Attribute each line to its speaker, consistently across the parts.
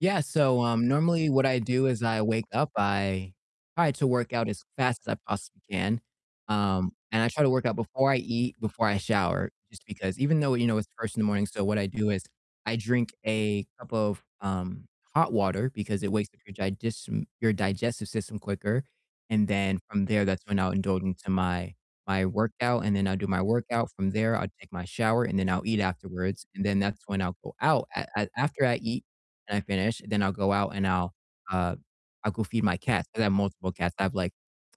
Speaker 1: Yeah, so, um, normally what I do is I wake up, I try to work out as fast as I possibly can, um, and I try to work out before I eat, before I shower, just because even though, you know, it's first in the morning so what I do is I drink a cup of, um, hot water because it wakes up your diges your digestive system quicker and then from there, that's when I'll indulge into my my workout, and then I'll do my workout, from there, I'll take my shower, and then I'll eat afterwards, and then that's when I'll go out, a a after I eat and I finish, then I'll go out and I'll, uh, I'll go feed my cats 'cause I have multiple cats, I have like,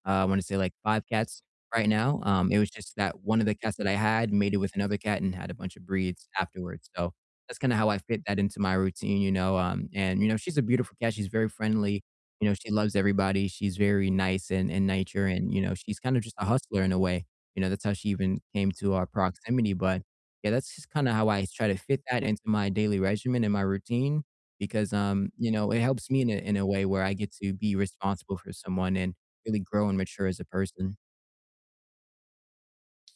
Speaker 1: uh, I wanna say like 5 cats right now, um, it was just that one of the cats that I had mated with another cat and had a bunch of breeds afterwards, so, that's kinda how I fit that into my routine, you know, um, and you know, she's a beautiful cat, she's very friendly, you know, she loves everybody, she's very nice in in nature and, you know, she's kind of just a hustler in a way, you know, that's how she even came to our proximity, but yeah, that's just kinda how I try to fit that into my daily regimen and my routine because, um, you know, it helps me in a in a way where I get to be responsible for someone and really grow and mature as a person.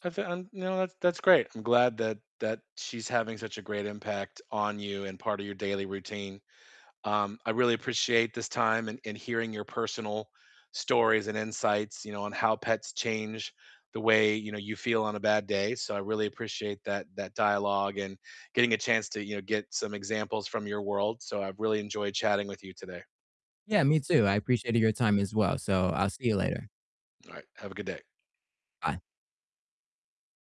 Speaker 2: I feel, um, no, that's that's great, I'm glad that that she's having such a great impact on you and part of your daily routine, um, I really appreciate this time and and hearing your personal stories and insights, you know, on how pets change the way, you know, you feel on a bad day, so I really appreciate that that dialogue and getting a chance to, you know, get some examples from your world, so I've really enjoyed chatting with you today.
Speaker 1: Yeah, me too, I appreciated your time as well, so I'll see you later.
Speaker 2: All right, have a good day.
Speaker 1: Bye.